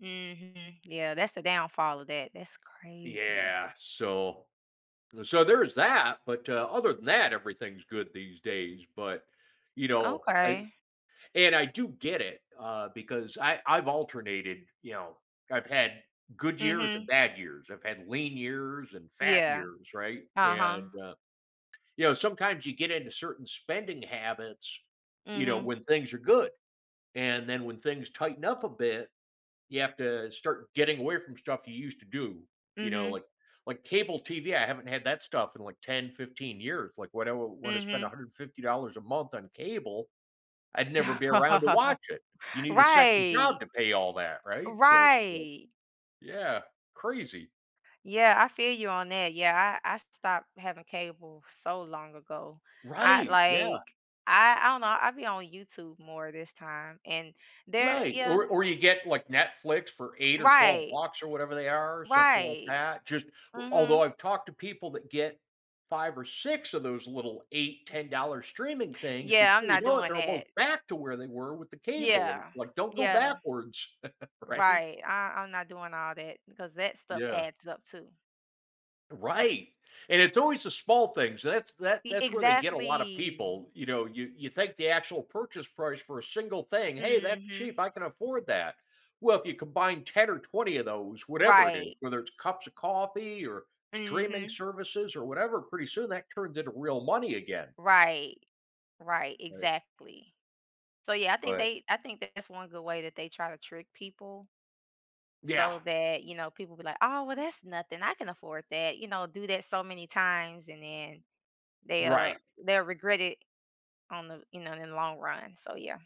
Mhm. Yeah, that's the downfall of that. That's crazy. Yeah, so so there's that, but, uh, other than that, everything's good these days. But, you know, I Okay. and I do get it, uh, because I I've alternated, you know, I've had good years and Mhm. bad years. I've had lean years and fat Yeah. years, right, Uh-huh. and, uh, you know, sometimes you get into certain spending habits, you know, Mhm. when things are good, and then when things tighten up a bit, you have to start getting away from stuff you used to do, you know, Mhm. like like, cable TV. I haven't had that stuff in like 10, 15 years, like, when I want to spend a Mhm. hundred fifty dollars a month on cable, I'd never be around to watch it. You need a second job Right. to pay all that, right, so yeah. Right. Yeah, crazy. Yeah, I feel you on that. Yeah, I I stopped having cable so long ago. I Right, yeah. like, I I don't know, I be on YouTube more this time and there Right. yeah. Or or you get, like, Netflix for 8 or 12 Right. bucks or whatever they are, something like Right. that. Just although Mhm. I've talked to people that get 5 or 6 of those little 8 $10 streaming things, Yeah, I'm before you not know it, doing they're almost that. back to where they were with the cable, and it's Yeah, like, don't go yeah. backwards, right? Right. I I'm not doing all that because that stuff Yeah. adds up too. Right, and it's always the small things. So that's that E that's where they get a lotta exactly. people, you know, you you think the actual purchase price for a single thing, "Hey, that's Mhm. cheap, I can afford that." Well, if you combine 10 or 20 of those, whatever it is, Right. whether it's cups of coffee or streaming Mhm. services or whatever, pretty soon that turns into real money again. Right, right, Right. exactly. So yeah, I think But they I think that's 1 good way that they try to trick people Yeah. so that, you know, people be like, "Oh well that's nothing I can afford that," you know, do that so many times and then they'll Right. they'll regret it on the, you know, in the long run, so yeah.